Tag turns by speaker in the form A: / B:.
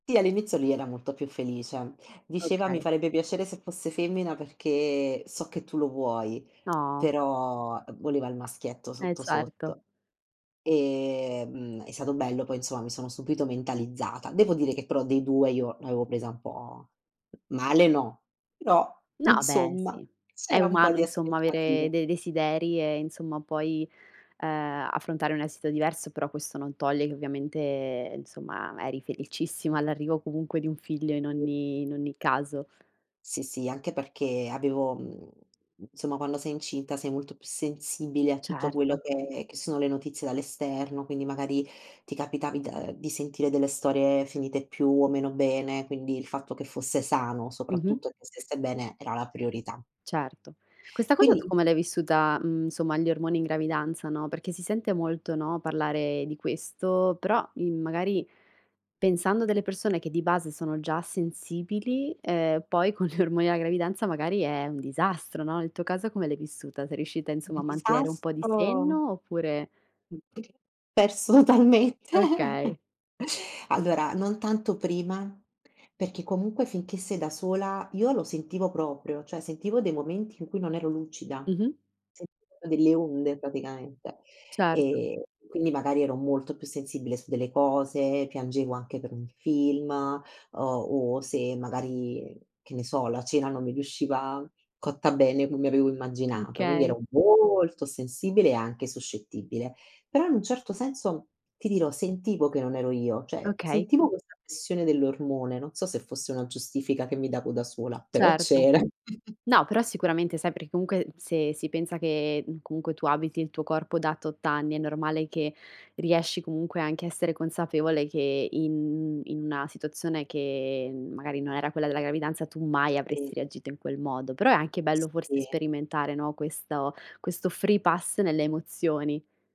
A: Sì, all'inizio lui era molto più felice. Diceva: "Mi
B: Okay.
A: farebbe piacere se fosse femmina, perché so che tu lo vuoi".
B: No.
A: Però voleva il maschietto,
B: Eh,
A: sotto,
B: certo.
A: sotto. Ehm, è stato bello poi, insomma, mi sono subito mentalizzata. Devo dire che, però dei 2, io l'avevo presa un po' male, no. Però,
B: No, beh,
A: insomma,
B: sì. È
A: c'era un po'
B: umano,
A: di
B: insomma,
A: aspettativa.
B: avere dei desideri e, insomma, poi, uhm, affrontare un esito diverso, però questo non toglie che ovviamente, insomma, eri felicissima all'arrivo comunque di un figlio in
A: Mh.
B: ogni in ogni caso.
A: Sì, sì, anche perché avevo mhmm, insomma, quando sei incinta sei molto più sensibile a tutto quello
B: Certo.
A: che che sono le notizie dall'esterno, quindi, magari, ti capitavi da ehm, di sentire delle storie finite più o meno bene, quindi, il fatto che fosse sano,
B: Mh-mh.
A: soprattutto e che stesse bene, era la priorità.
B: Certo, questa cosa tu
A: Quindi
B: come l'hai vissuta, mhmm, somma gli ormoni in gravidanza, no, perché si sente molto, no, parlare di questo, però, uhm, magari pensando a delle persone che di base sono già sensibili, ehm, poi con gli ormoni alla gravidanza magari è un disastro, no, nel tuo caso come l'hai vissuta? Sei riuscita, insomma, a mantenere un po' di
A: Disastro.
B: senno, oppure
A: [unintelligible] Perso talmente.
B: Okay.
A: Allora, non tanto prima, perché comunque finché sei da sola io lo sentivo proprio, cioè sentivo dei momenti in cui non ero lucida.
B: Mh-mh.
A: Sentivo delle onde praticamente,
B: Certo.
A: ehm, quindi magari ero molto più sensibile su delle cose, piangevo anche per un film, uhm, o se magari, che ne so, la cena non mi riusciva cotta bene come avevo immaginato. Quindi,
B: Okay.
A: ero molto sensibile e anche suscettibile, però in un certo senso, ti dirò, sentivo che non ero io, cioè
B: Okay.
A: sentivo questa pressione dell'ormone, non so se fosse una giustifica che mi davo da sola, però
B: Certo.
A: c'era.
B: No, però sicuramente sai, perché comunque, se si pensa che, comunque tu abiti il tuo corpo da tot anni, è normale che riesci, comunque, anche a essere consapevole che in in una situazione che, magari, non era quella della gravidanza, tu mai
A: Sì.
B: avresti reagito in quel modo, però è anche bello forse
A: Sì.
B: sperimentare, no, questo questo free-pass nelle emozioni.